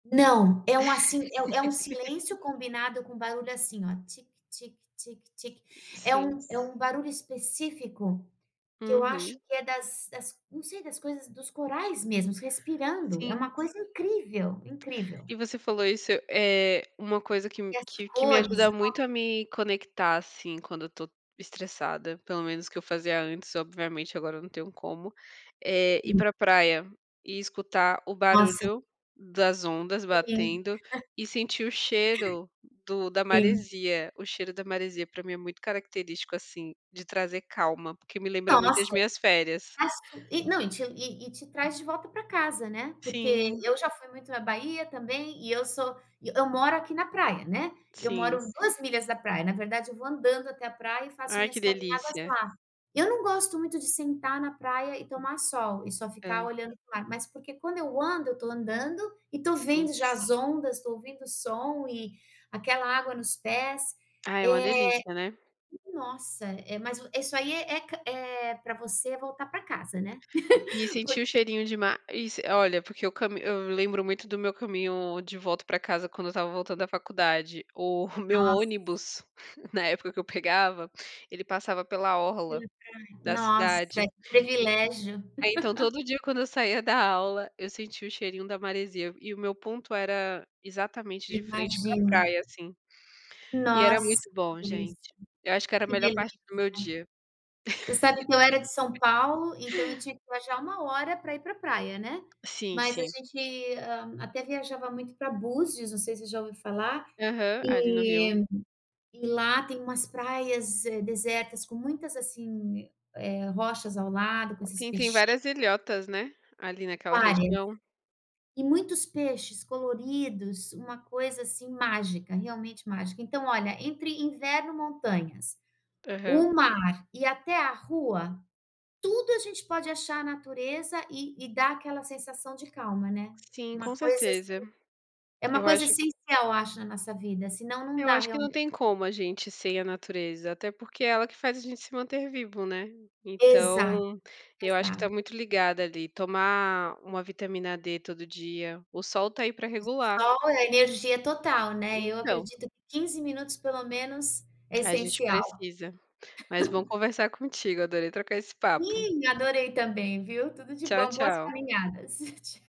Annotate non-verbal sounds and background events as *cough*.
Não, é um assim, é é um é um silêncio *laughs* combinado com barulho, assim, ó, tic, tic, tic, tic, é Sim. um é um barulho específico que eu acho Uhum. que é das das, não sei, das coisas, dos corais mesmos respirando, é Sim. uma coisa incrível, incrível. E você falou isso, eh, uma coisa que m E as que que me cores, ajuda muito nossa. a me conectar, assim, quando eu tô estressada, pelo menos que eu fazia antes, obviamente, agora não tenho como, eh, ir Hum. pra praia e escutar o Nossa. barulho das ondas Sim. batendo *chuckles* e sentir o cheiro do da Sim. maresia. O cheiro da maresia, pra mim, é muito característico, assim, de trazer calma, porque me lembra muito das Nossa, minhas férias. mas tu e não, e te e e te traz de volta pra casa, né, porque Sim. eu já fui muito na Bahia também. E eu sou eu moro aqui na praia, né, eu moro Sim. 2 milhas da praia, na verdade, eu vou andando até a praia e faço Ai, que minhas caminhadas delícia! lá. Eu não gosto muito de sentar na praia, e tomar sol e só ficar Hã. olhando pro mar, mas porque quando eu ando, eu tô andando e tô Sim. vendo já as ondas, tô ouvindo o som e aquela água nos pés, Ai, é uma eh delícia, né? Nossa, é mas o isso aí é ca é pra você voltar pra casa, né, E *chuckles* por sentir o cheirinho de ma e s olha, porque eu cami eu lembro muito do meu caminho de volta pra casa quando eu estava voltando da faculdade. O meu Nossa. ônibus, *chuckles* na época que eu pegava, ele passava pela orla Pela praia. da Nossa, cidade, que e privilégio. aí então *laughs* todo dia quando eu saía da aula, eu sentia o cheirinho da maresia, e o meu ponto era exatamente de frente pra Imagina. praia, assim, e era Nossa, muito que bom, delícia, gente, eu acho que era a que melhor parte delícia. do meu dia. Você sabe que eu era de São *laughs* Paulo, então eu tinha que viajar 1 hora pra ir pra praia, né. Sim, Mas a sim. gente, hã, até viajava muito pra Búzios, não sei se já ouviu falar? Aham. Ali no Rio. E e lá tem umas praias, eh, desertas, com muitas, assim, eh, rochas ao lado, com esses Sim, tem peixinhos várias ilhotas, né? Ali naquela Várias. região. E muitos peixes coloridos, uma coisa, assim, mágica, realmente mágica. Então, olha, entre inverno, montanhas, Aham. o mar e até a rua, tudo a gente pode achar a natureza e e dá aquela sensação de calma, né, Sim. uma Com coisa, assim certeza. é uma Eu coisa acho essencial, acho, na nossa vida, senão não Eu dá acho que realmen não tem como a gente, sem a natureza, até porque é ela que faz a gente se manter vivo, né. Exato, Então, eu acho que tá exato. muito ligado ali, tomar uma vitamina D todo dia, o sol tá aí pra S O regular. sol é energia total, né. Eu Então. acredito que 15 minutos, pelo menos, é A gente essencial. precisa. Mas bom *chuckles* conversar contigo, adorei trocar esse papo. Ih, adorei também, viu. Tudo de Tchau, bom. Boas tchau. caminhadas. Tch